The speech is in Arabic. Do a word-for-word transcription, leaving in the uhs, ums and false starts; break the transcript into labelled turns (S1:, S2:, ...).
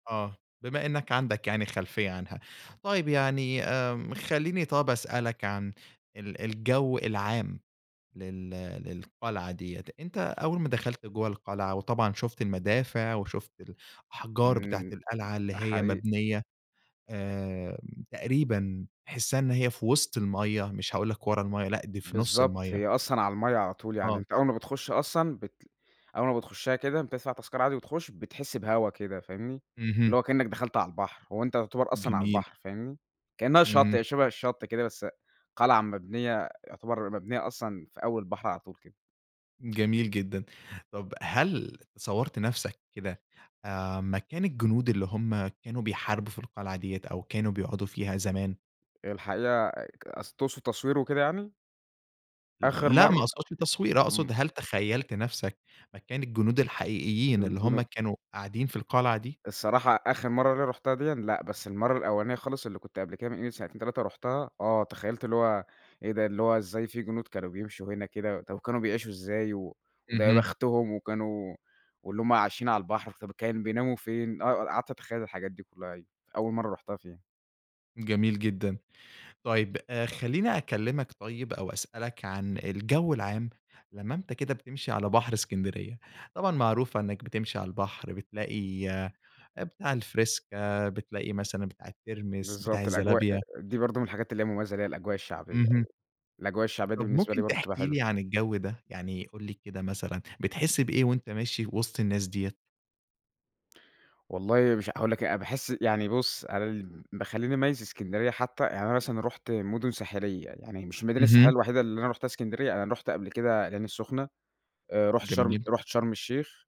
S1: آه، بما إنّك عندك يعني خلفية عنها، طيب يعني آمم خلّيني طَب أسألك عن ال الجو العام لل للقلعة ديّة، أنت أول ما دخلت جُوّه القلعة وطبعًا شُفت المدافع، وشُفت الأحجار بتاعة
S2: إمم،
S1: القلعة اللي هي
S2: حقيقي.
S1: مبنية آآ تقريبًا تحسّها إنّ هي في وسط المَيّة مش هاقول لك ورا المَيّة، لأ دي في نُص
S2: بالضبط،
S1: المَيّة.
S2: هي أصلًا على المَيّة على طول، يعني
S1: آه.
S2: أنت أول ما بتخش أصلًا بت أول ما بتخشها كده بتدفع تذكرة عادي وتخش، بتحس بهوا كده فاهمني؟
S1: اهم.
S2: اللي هو كإنك دخلت عالبحر، هُوأنت يُعتبر أصلًا
S1: جميل.
S2: عالبحر، فاهمني؟ كإنَّها شطّ،
S1: اهم.
S2: هي شبه الشطّ كده بس، قلعة مبنية يعتبر مبنية أصلًا في أول البحر على طول كده.
S1: جميل جدًا. طَب هل صَوّرت نفْسك كده، آآ مكان الجنود اللي هُم كانوا بيحاربوا في القلعة ديّة، أو كانوا بيقعدوا فيها زمان؟
S2: الحقيقة ك أص تُقصُد تصوير وكده يعني؟ آخر
S1: لأ
S2: مَر
S1: ما أقصُدش تصوير،
S2: إمم
S1: أقصُد هل تخيّلت نفْسك مكان الجنود الحقيقيين، اللي
S2: الجُنُ
S1: هُم كانوا قاعدين في القلعة دي؟
S2: الصراحة آخر مَرّة اللي رُحتها ديًا لأ، بس المَرّة الأولانية خالص اللي كنت قبل كده من قيمة سنتين تلاتة رُحتها، آه تَخيّلت اللي هُو إيه ده اللي هُو إزاي في جنود كانوا بيمشوا هنا كده! طب كانوا بيعيشوا إزاي! و وده يا
S1: اهم.
S2: بختُهم وكانوا واللي هُم عايشين على البحر، طب كان بيناموا فين؟ آه ق قعدت أتخيّل الحاجات دي كلّها أيوه، أول مَرّة رُحتها فيها.
S1: جميل جدًا. طيب آآ خلّيني أكلّمك طيب أو أسألك عن الجو العام، لمّا أنت كده بتمشي على بحر إسكندرية، طبعًا معروفة إنّك بتمشي على البحر بتلاقي، بتاع الفِرِيسكا، بتلاقي مثلًا بتاع الترمس بتاع
S2: بالضبط، الأجواء
S1: الزلابية
S2: دي برضه من الحاجات اللي هي مميزة ليها الأجواء الشعبية أيوه،
S1: اهم.
S2: الأجواء الشعبية دي
S1: طب
S2: بالنسبة لي
S1: ممكن
S2: برضه بتبقى
S1: تحكي
S2: حلوة.
S1: لي عن الجو ده؟ يعني قُل لي كده مثلًا، بتحس بإيه، وأنت ماشي وسط الناس ديّة؟
S2: والله مش هاقول لك إيه أنا باحس يعني بُص، أنا اللي بيخلّيني أميّز إسكندرية حتّى، يعني أنا مثلًا رُحت مُدن ساحلية، يعني مش المدينة الساحلية
S1: اهم.
S2: الوحيدة اللي أنا رُحتها إسكندرية، أنا رُحت قبل كده العين السخنة آآ رُحت شرم
S1: جميل.
S2: رُحت شرم الشيخ.